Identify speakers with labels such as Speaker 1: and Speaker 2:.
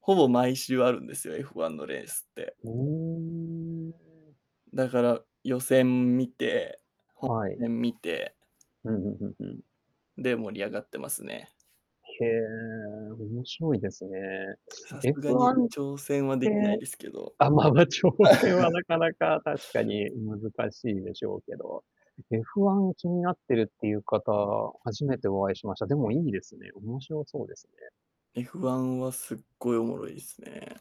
Speaker 1: ほぼ毎
Speaker 2: [unintelligible]
Speaker 1: 週あるんですよ。F1のレースって。
Speaker 2: おお。
Speaker 1: だから予選見て、
Speaker 2: は
Speaker 1: 本
Speaker 2: い。
Speaker 1: えん、見て
Speaker 2: うんうんうんうん。
Speaker 1: で、盛り上がってますね。
Speaker 2: へえ、面白いですね。
Speaker 1: さす
Speaker 2: エ
Speaker 1: が
Speaker 2: フ
Speaker 1: に、
Speaker 2: ワンっ
Speaker 1: 挑戦は
Speaker 2: て
Speaker 1: できないですけど。
Speaker 2: あ、まま、挑戦は なかなか確かに難しいでしょうけど。F1気になってるっていう方、初めてお会いしました。でもいいですね。面白そうですね。
Speaker 1: F1はすっごいおもろいですね。